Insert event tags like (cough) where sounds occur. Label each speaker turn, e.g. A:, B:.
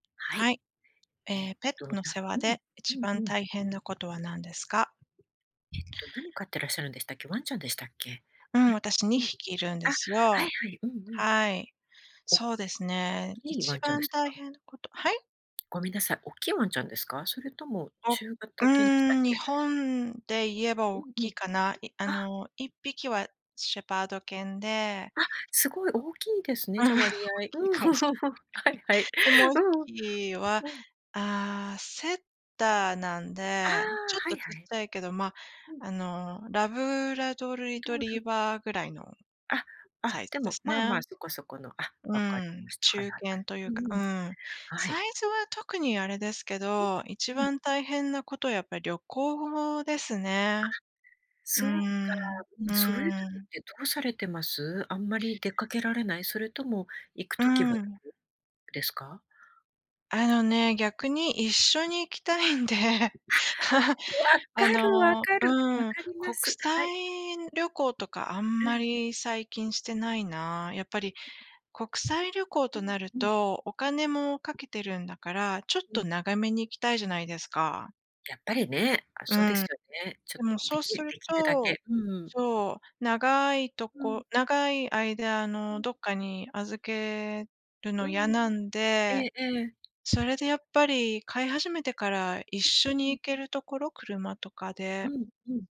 A: はい。
B: はい。
A: え
B: ええ、
A: え
B: ペッ
A: と、
B: ト
A: な
B: の世話
A: うん、
B: で
A: う
B: 一
A: んう
B: 番
A: ん。
B: 大変なことは何ですか？
A: えっと、何飼ってらっしゃるんでしたっけ？ワンちゃんでしたっけ？ね。
B: うん、私に
A: うん。
B: ひきいるん
A: あ、
B: です
A: はい
B: よ。
A: はい、うんうん。
B: はい。
A: お
B: そうです
A: おっ
B: ね、
A: きいワ
B: 一
A: ンちゃんです
B: 番大
A: か？
B: 変なことはい？
A: ごみんなさい、おっきいワンちゃんですか？それとも
B: おう
A: 中型犬でしたっ
B: ーん、日
A: け？
B: 本で言えば、
A: う
B: おっ
A: んう
B: き
A: ん。
B: いかな。いあ
A: あ。
B: の、1匹はシェパード犬で
A: あ、すごい
B: あ、
A: 大きいですね、じゃ、割
B: (laughs)
A: 合
B: おっきい
A: うん。
B: かもし
A: (laughs) は
B: れない。
A: いはい。
B: で、もうい
A: う
B: っ
A: んうん。
B: ぴきは、
A: うん。
B: ああ、セッターなん
A: ああ、
B: で、ちょっ
A: は
B: と
A: い
B: ち
A: は
B: っ
A: い。
B: ちゃいけど、ま、
A: うん。
B: あの、ラブラドール
A: ん、
B: リ
A: ド
B: ト
A: ー
B: リ
A: ル
B: ーバーぐらいの
A: あ、あ、
B: サイ
A: で
B: ズで
A: も、
B: す
A: まあ
B: ね。
A: まあ、そこそこの、あ、
B: う
A: 分かり
B: ん、
A: ました。はい
B: 中
A: はいは
B: 堅
A: い。
B: とい
A: う
B: うか
A: ー
B: う
A: ん、
B: ん。
A: はい。
B: サイズは特にあれですけ
A: う、
B: ど、一
A: うん。
B: 番大変なこと、やっぱり旅行です
A: あ、
B: ね。う
A: そ
B: ー
A: うか。
B: ん、
A: うん、
B: うー
A: そういう時っ
B: ん。
A: てどうされてます？あんまり出かけられない？それとも行く
B: うー
A: 時は行
B: ん。
A: く、ですか？
B: あのね、逆に一緒に行きたいんで、(laughs)
A: あ、分か
B: あ
A: る、分
B: の
A: かる、
B: う
A: 分
B: ん、
A: かりま
B: 国
A: す。は
B: 際
A: い。
B: 旅行とかあん
A: うん、
B: ま
A: うん。
B: り最近してないな。やっぱり国際旅行
A: う
B: と
A: ん、
B: なる
A: うん。
B: と、お金もかけてるんだから、ちょっ
A: う
B: と
A: ん。
B: 長めに行きたいじゃないですか。
A: やっぱり
B: え、
A: ね、あ、
B: う
A: そうです
B: ん。
A: よね。ちょ
B: でも
A: で
B: そう
A: き出
B: する
A: 来るだ
B: と
A: け。うん。
B: そう、長いと
A: うん。
B: こ長い間、あ
A: う
B: の、
A: ん。
B: どっかに預けるの
A: う
B: 嫌
A: ん。
B: なん
A: え
B: で、
A: えええ。
B: それでやっぱり飼い始めてから、一緒
A: う
B: に
A: ん。
B: 行けるところ、車とかで。
A: うんうん。